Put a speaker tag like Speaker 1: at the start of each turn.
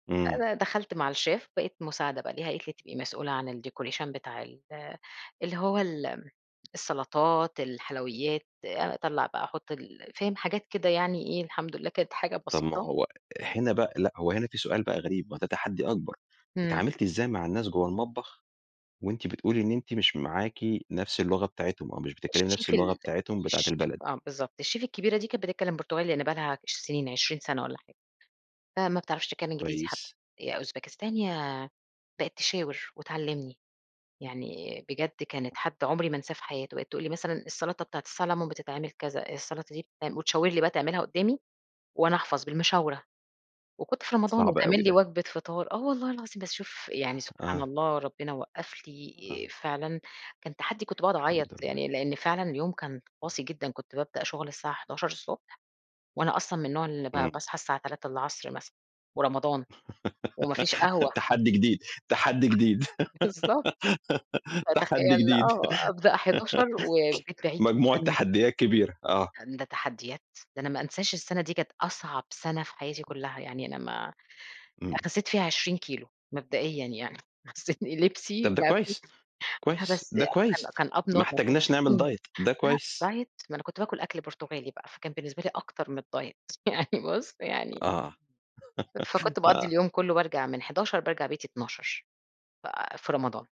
Speaker 1: إمم.
Speaker 2: أنا دخلت مع الChef بقيت مساعدة بقى ليها، قالِت لي هتبقي مسؤولة عن الdecoration بتاع ال اللي هو ال السَّلَطَات، الحلويّات، آآ أطَلّع بقى أحُطّ ال فاهم حاجات كده يعني إيه الحمد لله كانت حاجة
Speaker 1: طب ما
Speaker 2: بسيطة.
Speaker 1: هو هنا بقى لأ، هو هنا في سؤال بقى غريب، ما هو ده تحدي أكبر،
Speaker 2: امم.
Speaker 1: اتعاملتِ إزاي مع الناس جُوّه المطبخ، وأنتِ بتقولي إن أنتِ مش معاكِ نفس اللغة بتاعتهم أو مش بتتكلمي نفس
Speaker 2: الChef
Speaker 1: اللغة
Speaker 2: ال
Speaker 1: بتاعتهم، بتاعة
Speaker 2: الChef
Speaker 1: البلد؟
Speaker 2: آه، بالضبط الChef الكبيرة دي كانت بتتكلِّم برتغالي لإن بقى لها سنين، 20 سنة والّا حاجة فما بتعرفش تتكلِّم إنجليزي حتى،
Speaker 1: كويس.
Speaker 2: يا أوزباكستاني يا بقِت تشاور وتعلّمني يعني بجد كانت
Speaker 1: [unintelligible]
Speaker 2: حد عُمري ما أنساه في حياتي، بقِت تقول لي مثلًا السَّلطة بتاعة السّلمُون بتتعمل كذا، السَّلطة دي بتتعم وتشاور لي بقى تعملها قُدّامي، وأنا أحفظ بالمشاورة، وكنت في رمضان
Speaker 1: صعب أوي
Speaker 2: وتعمل لي
Speaker 1: ده.
Speaker 2: وجبة فطار، آه، والله العظيم بس شوف يعني سبحان
Speaker 1: آه.
Speaker 2: الله ربنا وقّف لي آآ
Speaker 1: آه.
Speaker 2: فعلًا، كان تحدِّي كنت بقعد أعيّط،
Speaker 1: الحمد لله.
Speaker 2: يعني لإن فعلًا اليوم كان قاسي جدًا كنت بابدأ شُغل الساعة 11:00 ص وأنا أصلًا من النوع اللي ب
Speaker 1: إمم.
Speaker 2: باصحى الساعة 15:00 مثلًا، ورمضان، وما فيش قهوة. [unintelligible]
Speaker 1: تحدّي جديد، تحدّي جديد،
Speaker 2: بالضبط.
Speaker 1: تحدّي
Speaker 2: فتخيّل
Speaker 1: جديد،
Speaker 2: آه، أبدأ 11:00 والبيت بعيد
Speaker 1: مجموعة
Speaker 2: جدًا.
Speaker 1: تحدّيات كبيرة، آه.
Speaker 2: هَند ده تحدّيات، ده أنا ما أنساش السنة دي كانت أصعب سنة في حياتي كُلّها، يعني أنا ما
Speaker 1: إمم.
Speaker 2: خسّيت فيها 20 كيلو مبدئيًا يعني، خسّيت إن لبسي
Speaker 1: طَب ده
Speaker 2: ما في
Speaker 1: كويس،
Speaker 2: لأ،
Speaker 1: كويس.
Speaker 2: بس
Speaker 1: ده كويس،
Speaker 2: كان كان Up
Speaker 1: ما
Speaker 2: normal كانوا
Speaker 1: احتجناش نعمل
Speaker 2: يشوفوني
Speaker 1: Diet ده
Speaker 2: لأ،
Speaker 1: كويس.
Speaker 2: Diet ما أنا كنت باكُل أكل برتغالي بقى، فكان بالنسبة لي أكتر من الDiet يعني بُصّ يعني
Speaker 1: آه،
Speaker 2: فكُنت باقَضّي
Speaker 1: آه.
Speaker 2: اليوم كُلُّه بارجع من 11:00 بارجع بيتي 00:00 ف في رمضان.